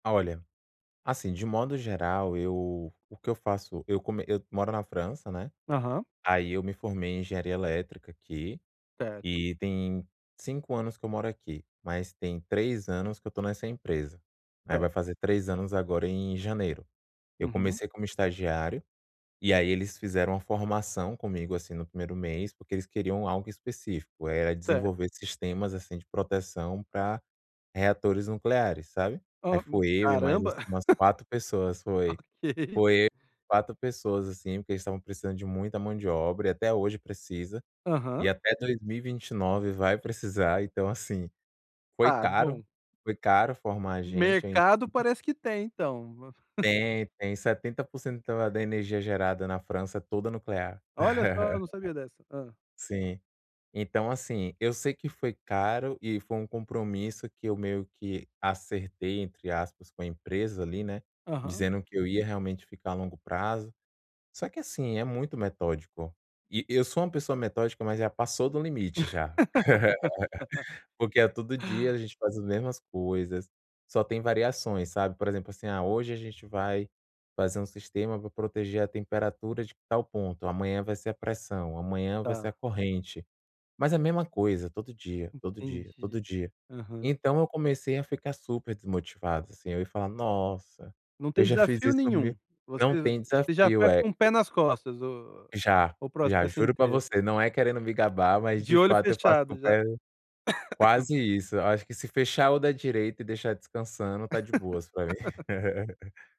Olha, assim de modo geral eu o que eu faço, eu como eu moro na França, né, Aham. aí eu me formei em engenharia elétrica aqui, Certo. e tem 5 anos que eu moro aqui, mas tem 3 anos que eu estou nessa empresa, né, vai Certo. fazer 3 anos agora em janeiro. Eu Uhum. comecei como estagiário, e aí eles fizeram uma formação comigo, assim, no 1º mês, porque eles queriam algo específico, era Certo. desenvolver sistemas assim de proteção pra reatores nucleares, sabe? Aí Hã, hum. fui eu e mais, Caramba. assim, umas 4 pessoas, foi Ok. foi eu, 4 pessoas assim, porque eles estavam precisando de muita mão de obra e até hoje precisa, Aham. e até 2029 vai precisar, então assim, foi Ah, caro bom. foi caro formar a gente em Mercado parece que tem, então. Tem, tem 70% da energia gerada na França é toda nuclear. Olha só, eu não sabia dessa, hã. Sim. Então assim, eu sei que foi caro e foi um compromisso que eu meio que acertei entre aspas com a empresa ali, né, Aham. dizendo que eu ia realmente ficar a longo prazo, só que assim é muito metódico. E eu sou uma pessoa metódica, mas já passou do limite já. Porque é todo dia a gente faz as mesmas coisas, só tem variações, sabe? Por exemplo assim, ah hoje a gente vai fazer um sistema para proteger a temperatura de tal ponto, amanhã vai ser a pressão, amanhã vai ser a Tá. corrente. Mas a mesma coisa, todo dia, todo dia, todo Entendi, dia. aham. Então eu comecei a ficar super desmotivado assim, eu ia falar: "Nossa, Não eu tem já fiz desafio isso, mi" nenhum. Você não tem você já desafio, faz é. com o pé nas costas o Já o já processo juro pra inteiro. você, não é querendo me gabar, mas de De olho fato eu faço com fechado já. pé quase isso. Eu acho que se fechar o da direita e deixar descansando está de boas pra mim.